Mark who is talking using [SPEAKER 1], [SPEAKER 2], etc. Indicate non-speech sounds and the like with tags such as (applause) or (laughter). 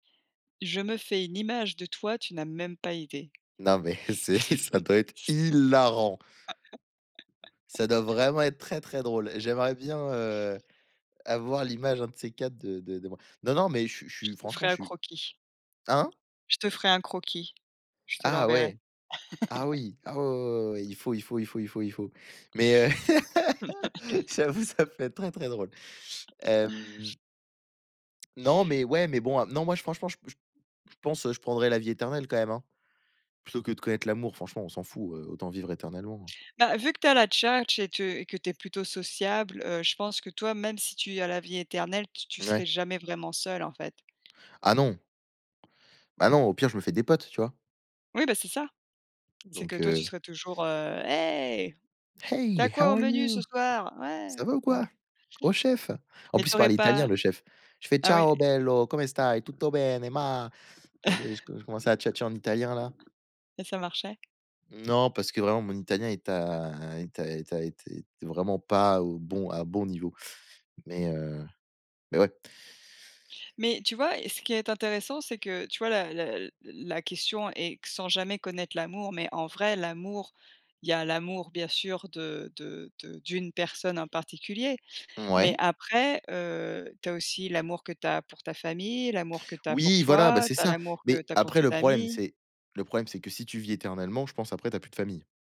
[SPEAKER 1] Je me fais une image de toi, tu n'as même pas idée.
[SPEAKER 2] Non mais c'est ça
[SPEAKER 1] (chuckles)
[SPEAKER 2] doit être hilarant. Ça doit
[SPEAKER 1] (laughs)
[SPEAKER 2] vraiment être très, très drôle. J'aimerais bien, heu, avoir l'image un de ces quatre de de de moi. Non, non, mais je suis je
[SPEAKER 1] Je
[SPEAKER 2] suis
[SPEAKER 1] te ferai
[SPEAKER 2] franchement je
[SPEAKER 1] un
[SPEAKER 2] suis
[SPEAKER 1] croquis
[SPEAKER 2] hein?
[SPEAKER 1] je te ferai un croquis. Je te
[SPEAKER 2] Ah
[SPEAKER 1] l'enverrai.
[SPEAKER 2] ouais, ah
[SPEAKER 1] (laughs)
[SPEAKER 2] oui, ah ouais, ouais, ouais, ouais, ouais, il faut, il faut, il faut, il faut, il faut. Mais, heu, (laughs) j'avoue,
[SPEAKER 1] (laughs)
[SPEAKER 2] ça peut-être très, très drôle.
[SPEAKER 1] (chuckles)
[SPEAKER 2] Hem non, mais ouais, mais bon, heu, non, moi j franchement, j je pense, heu, je prendrai la vie éternelle quand même, hein. Plutôt que de connaître l'amour, franchement, on s'en fout, heu, autant vivre éternellement, hein.
[SPEAKER 1] Bah, vu que tu as la tchatche et te et que tu es plutôt sociable, heu, je pense que toi, même si tu as la vie éternelle, tu tu
[SPEAKER 2] Ouais.
[SPEAKER 1] serais jamais vraiment seul, en fait.
[SPEAKER 2] Ah non. Bah non, au pire, je me fais des potes, tu vois?
[SPEAKER 1] Oui, bah, c'est ça. C'est que
[SPEAKER 2] Donc,
[SPEAKER 1] toi, tu
[SPEAKER 2] heu
[SPEAKER 1] serais toujours, heu: «Hé! Tu
[SPEAKER 2] «Hey,
[SPEAKER 1] as quoi
[SPEAKER 2] how
[SPEAKER 1] au
[SPEAKER 2] are
[SPEAKER 1] menu ce
[SPEAKER 2] you?
[SPEAKER 1] soir? Ouais!»
[SPEAKER 2] Ça
[SPEAKER 1] Tu
[SPEAKER 2] va ou
[SPEAKER 1] vois?
[SPEAKER 2] quoi? Oh chef!» En
[SPEAKER 1] Mais
[SPEAKER 2] plus
[SPEAKER 1] tu
[SPEAKER 2] il
[SPEAKER 1] aurais
[SPEAKER 2] parlait italien
[SPEAKER 1] pas
[SPEAKER 2] le chef. Je fais
[SPEAKER 1] ah ouais?
[SPEAKER 2] ciao bello, come stai? Tutto bene, ma je je
[SPEAKER 1] (chuckles)
[SPEAKER 2] je commence à tchatcher en italien, là.
[SPEAKER 1] Et ça marchait?
[SPEAKER 2] Non, parce que vraiment mon italien est à est à est à était était vraiment pas au bon à bon niveau. Mais, heu, mais ouais.
[SPEAKER 1] Mais tu vois, heu, ce qui est intéressant, c'est que, tu vois, la la l la question est q sans jamais connaître l'amour, mais en vrai l'amour, il y a l'amour bien sûr de de de d'une personne en particulier, mais
[SPEAKER 2] Mouais.
[SPEAKER 1] après, heu, tu as aussi l'amour que tu as pour ta famille, l'amour que tu as pour
[SPEAKER 2] Oui, voilà, bah,
[SPEAKER 1] toi,
[SPEAKER 2] c'est
[SPEAKER 1] tu as
[SPEAKER 2] ça.
[SPEAKER 1] l'amour que
[SPEAKER 2] Mais
[SPEAKER 1] tu as pour
[SPEAKER 2] après,
[SPEAKER 1] tes
[SPEAKER 2] le problème,
[SPEAKER 1] amis.
[SPEAKER 2] c'est le problème, c'est que si tu vis éternellement, je pense après, tu as plus de famille.